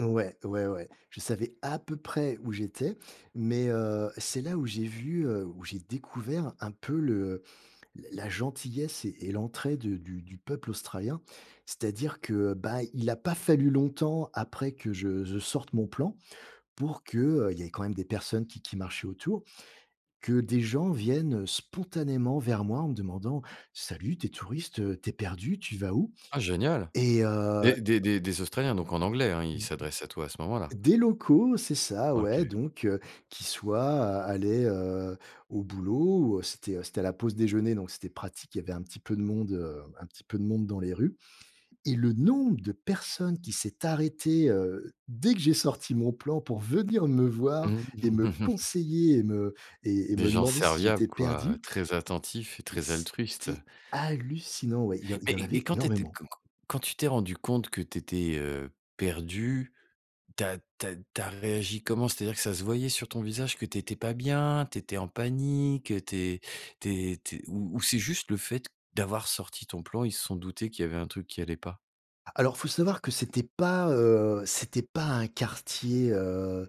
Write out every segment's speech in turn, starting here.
Ouais. Ouais, ouais. Je savais à peu près où j'étais. Mais, heu, c'est là où j'ai vu, heu, où j'ai découvert un peu le la la gentillesse et -et l'entraide du du peuple australien. C'est-à-dire que, bah, il a pas fallu longtemps après que je je sorte mon plan pour que, heu- il y avait quand même des personnes qui qui marchaient autour- que des gens viennent spontanément vers moi, en me demandant: «Salut, tu es touriste? Heu, tu es perdu? Tu vas où?» Ah génial. Et heu Des des des des Australiens, donc en anglais, hein, ils Mmh mh. s'adressaient à toi à ce moment-là? Des locaux, c'est ça, ouais. OK. Donc heu, qui soit, a allaient, heu, au boulot, ou c'était, heu, c'était la pause déjeuner, donc c'était pratique, y avait un petit peu de monde, heu, un petit peu de monde dans les rues et le nombre de personnes qui s'est arrêté, heu, dès que j'ai sorti mon plan pour venir me voir Mmh, et me mmh mh. conseiller et me et et Des me gens demander si serviables, j'étais quoi, perdu très attentifs et mais très altruistes. c'était hallucinant. Ouais. Il y en il y en Mais mais avait quand tu étais q énormément. q quand tu t'es rendu compte que tu étais, heu, perdu, tu as tu as tu as réagi comment? C'est-à-dire que ça se voyait sur ton visage, que tu étais pas bien? Tu étais en panique? Tu es tu es tu es ou ou c'est juste le fait d'avoir sorti ton plan, ils se sont doutés qu'il y avait un truc qui allait pas? Alors, faut savoir que c'était pas, heu, c'était pas un quartier, heu,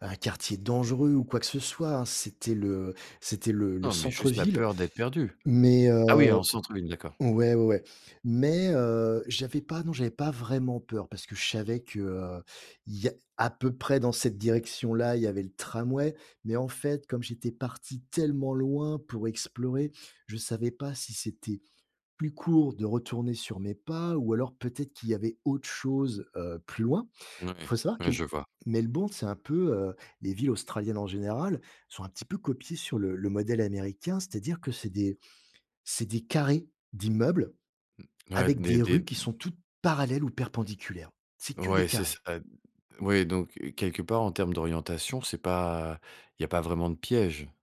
un quartier dangereux ou quoi que ce soit, hein. C'était le c'était le le Non, mais juste la centre-ville. peur d'être perdu. Mais, Ah oui, heu en centre-ville, d'accord. ouais, ouais. Mais heu, j'avais pas non, j'avais pas vraiment peur. Parce que je savais que il y a à peu près dans cette direction-là, il y avait le tramway. Mais en fait, comme j'étais parti tellement loin pour explorer, je savais pas si c'était, plus court de retourner sur mes pas ou alors peut-être qu'il y avait autre chose, heu, plus loin. Il faut Mouais, savoir que ouais, je vois. Melbourne, c'est un peu, heu, les villes australiennes en général, sont un petit peu copiées sur le le modèle américain. C'est-à-dire que c'est des c'est des carrés d'immeubles, Mmh, ouais, avec des des des rues qui mmh sont toutes parallèles ou perpendiculaires. C'est que des Ouais, c'est carrés. ça d oui, donc heu, quelque part, en termes d'orientation, c'est pas il y a pas vraiment de piège.